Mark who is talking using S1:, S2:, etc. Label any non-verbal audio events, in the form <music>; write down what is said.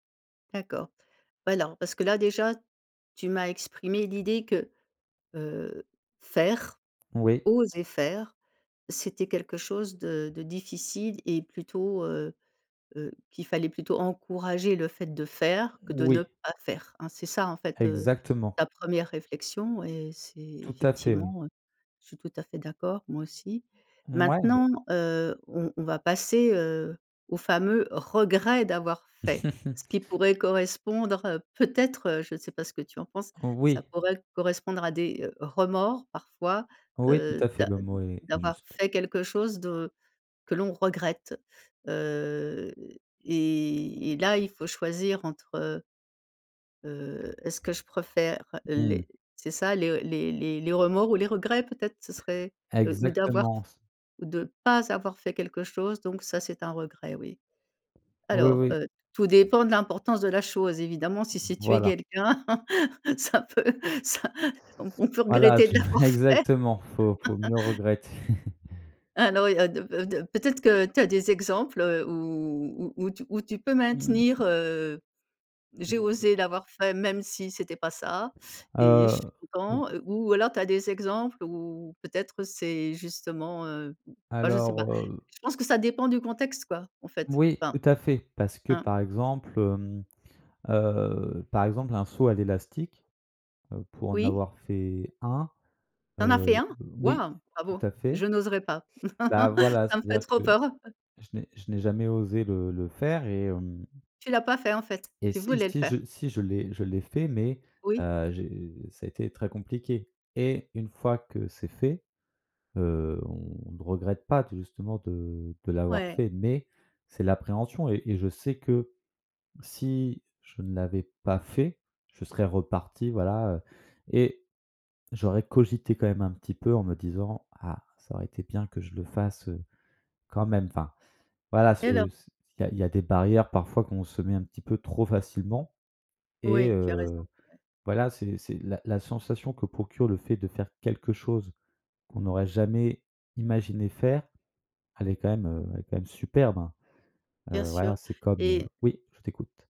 S1: D'accord, ouais len parce que là déjà, tu m'as exprimé l'idée que, heu, faire,
S2: Oui.
S1: oser faire, c'était quelque chose de de difficile et plutôt, heu, heu, qu'il fallait plutôt encourager le fait de faire, que de ne
S2: Oui.
S1: pas faire, hein, hein? C'est ça en fait, heu,
S2: Exactement.
S1: ta 1re réflexion et c'est
S2: Tout à fait oui.
S1: effectivement, heu, je suis tout à fait d'accord, moi aussi.
S2: Mouais.
S1: Maintenant, heu, on on va passer, heu, au fameux regret d'avoir fait. Ce
S2: <laughs>
S1: qui pourrait correspondre, heu, peut-être, heu, je sais pas ce que tu en penses, ça
S2: Oui.
S1: pourrait correspondre à des, heu, remords parfois,
S2: Oui, tout
S1: heu,
S2: à fait,
S1: d'a
S2: le mot est est
S1: d'avoir
S2: juste.
S1: fait quelque chose de que l'on regrette, heu et et là, il faut choisir entre heu heu, est-ce que je préfère
S2: Mmh mh.
S1: les c'est ça, les les les les remords ou les regrets, peut-être? Ce serait, heu, ou d'avoir
S2: Exactement. C
S1: ou de pas avoir fait quelque chose, donc ça c'est un regret, oui.
S2: Oui,
S1: Alors,
S2: oui.
S1: heu, tout dépend de l'importance de la chose. Evidemment si c'est tuer
S2: Voilà.
S1: quelqu'un, <laughs> ça peut ça on on peut
S2: Voilà,
S1: regretter de
S2: tu
S1: l'avoir
S2: <chuckles>
S1: fait.
S2: exactement. Faut faut mieux
S1: <laughs>
S2: regretter.
S1: Alors, il y a 2 fa 2 peut-être que, tu as des exemples, heu, où où tu où tu peux
S2: Ah mmh.
S1: maintenir, heu: «J'ai
S2: Mmh.
S1: osé l'avoir fait, même si c'était pas ça
S2: Heu,
S1: et je suis
S2: heu
S1: content» ou alors tu as des exemples où peut-être, c'est justement, heu, enfin, je ne sais pas.
S2: Alors heu
S1: Je pense que ça dépend du contexte quoi, en fait,
S2: Oui,
S1: enfin.
S2: tout à fait, parce que
S1: Hein?
S2: par exemple, hem, heu, par exemple un saut à l'élastique, heu, pour en
S1: Oui?
S2: avoir fait un,
S1: Tu en as fait
S2: heu,
S1: un?
S2: o oui,
S1: Waouh! Bravo,
S2: tout à fait.
S1: je n'oserais pas.
S2: Bah
S1: <laughs>
S2: voilà,
S1: Ça me ferait
S2: c'est-à-dire que
S1: trop peur, heu
S2: je n'ai je n'ai jamais osé le le faire et hem
S1: Tu l'as pas fait, en fait?
S2: et
S1: Tu
S2: si,
S1: voulais le
S2: si
S1: faire?
S2: je si je l'ai je l'ai fait, mais,
S1: Oui.
S2: heu, j'ai ça a été très compliqué et une fois que c'est fait, heu, on ne regrette pas t justement de de l'avoir
S1: Ouais.
S2: fait. Mais c'est l'appréhension et et je sais que, si, je ne l'avais pas fait, je serais reparti, voilà, heu et j'aurais cogité quand même un petit peu en me disant: «Ah, ça aurait été bien que je le fasse, heu, quand même, enfin». Voilà ce
S1: Et ver
S2: c'est il y a il y a des barrières, parfois qu'on se met un petit peu trop facilement et
S1: Oui, tu as raison.
S2: heu,
S1: Ouais.
S2: voilà, c'est c'est la la sensation que procure le fait de faire quelque chose, qu'on n'aurait jamais imaginé faire, elle est quand même, heu, elle est quand même superbe, hein.
S1: Bien
S2: Heu, voilà,
S1: sûr.
S2: c'est comme, heu
S1: Et
S2: oui je t'écoute.